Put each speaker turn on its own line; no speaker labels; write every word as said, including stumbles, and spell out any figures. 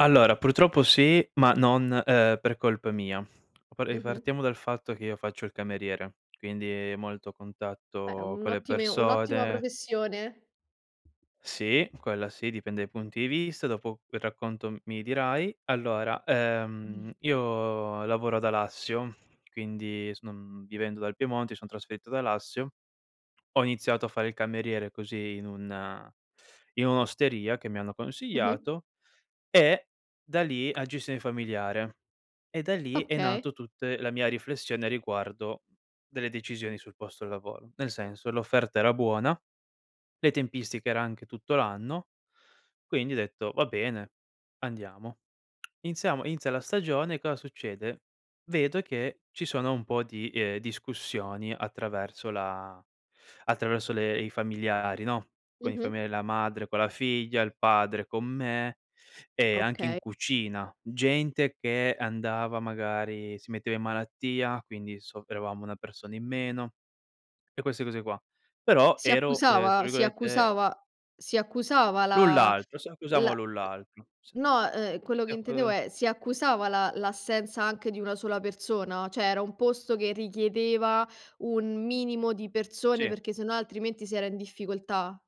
Allora purtroppo sì, ma non uhm per colpa mia. E
Mh-mh.
partiamo dal fatto che io faccio il cameriere, quindi molto
Beh,
contatto
un
con le
ottime un'ottima
persode.
professione.
Sì, quella sì, dipende dai punti di vista. Dopo quel racconto m mi dirai. Allora,
Mh.
uhm, io lavoro ad Alassio, quindi s uhm, vivendo dal Piemonte, mi son trasferito ad Alassio. Ho iniziato a fare il cameriere, così in un in un'osteria che mi hanno
Mh-mh.
consiiato. E da lì- a gestione familiare- e da lì è
Okay.
nato tutte la mia riflessione riguardo delle decisioni sul posto e lavoro. Nel senso, l'offerta era buona, le tempistiche era anche tutto l'anno, quindi ho detto: "Va bene, andiamo." Iniziamo inizia la stagione e cosa succede? Vedo che ci sono un po' di, ehm, discussioni attraverso la attraverso le i familiari, no, con i
Mh-mh.
familia la madre, con la figlia, il padre, con me e anche in
Okay.
cucina. Gente che andava magari si metteva in malattia, quindi soffrevamo una persona in meno e queste cose qua. Però
Si
ero, uhm, tra
accusava si
virgolette...
accusava si accusava
lu
la
l'altro, se accusamo
la
lu l'altro se
no, uhm, quello che
eh,
intendevo
qu
è, si accusava la l'assenza anche di una sola persona? ceh era un posto, che richiedeva un minimo di persone,
Sì.
perché sennò altrimenti si era in difficoltà?